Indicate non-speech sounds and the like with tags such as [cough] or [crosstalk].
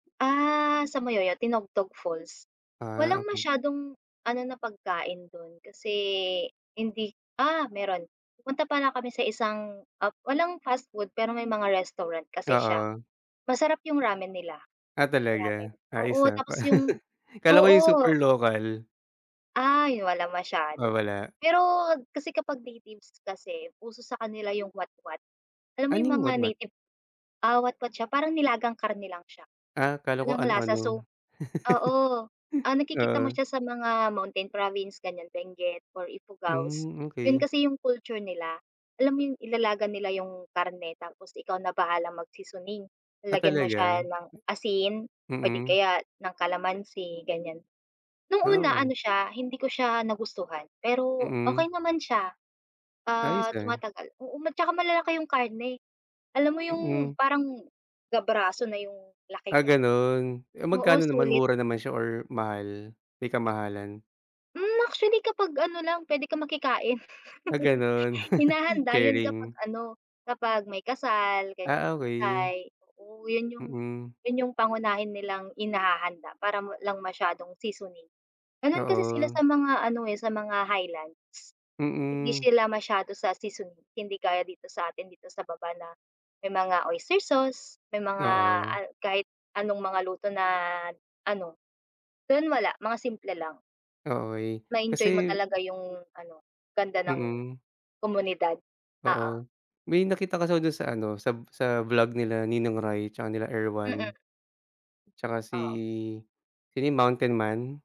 Ah, sa Moyoyao Tinogtog Falls, Ah, walang okey. masyadong ano na pagkain do'n, kasi hindi ah, meron, pumunta pala kami sa isang, ah, walang fast food pero may mga restaurant kasi siya. Oo. Masarap yung ramen nila, Ah, ramen, talaga, ayos oo ah. tapos yung Kala ko yung super oo. local. Ay walang Ah, masyado. wala. Pero kasi kapag natives kasi uso sa kanila yung watwat. Alam mo yung Anong mga watwat? native, ah, watwat siya parang nilagang karne lang siya. Ah, akala ko Walang ano lasa ano. so, oo, ah, nakikita [chuckles] mo Oo. siya sa mga mountain province gan'yan Benguet or Ifugao's. Hmm, 'Yon okey. kasi yung culture nila, alam mo yung ilalaga nila yung karne tapos ikaw na bahalang mag-seasoning. Ah, Lalagyan mo talaga. siya ng asin o di Mm. kaya ng kalamansi gan'yan. No'ng una Wow. ano siya hindi ko siya nagustuhan pero Mm. okey naman siya, Ayos, ah, ah. tumatagal, oo tsaka malalaki yung karne, alam mo yung Mm. parang ga braso na yung laki Ah, nya. gano'n, eh Oo, magkano naman sulit. mura naman siya or mahal, may kamahalan? Hmm, actually kapag ano lang puwede kang makikain. Ah, [chuckles] gano'n, [chuckles] Hinahanda 'yon kapag sharing. ano kapag may kasal ganyan, Ah, may okey. patay, oo 'yon Mm. yung pangunahin nilang inihahanda para walang masyadong seasoning. Gano'n kasi sila Oo. sa mga ano sa mga highlands. Hindi Mm. sila masyado sa seasoning, hindi gaya dito sa atin dito sa baba na may mga oyster sauce, may mga Oo. kahit anong mga luto na ano, doon wala mga simple lang. Okey, Ma-enjoy mo kasi talaga yung ano ganda ng Mm. komunidad, oo. Oo, may nakita kasi ako dun sa ano sa sa vlog nila Ninong Ry tsaka nila Mm. Erwan. Tsaka si Oh. sino yung Mountain Man.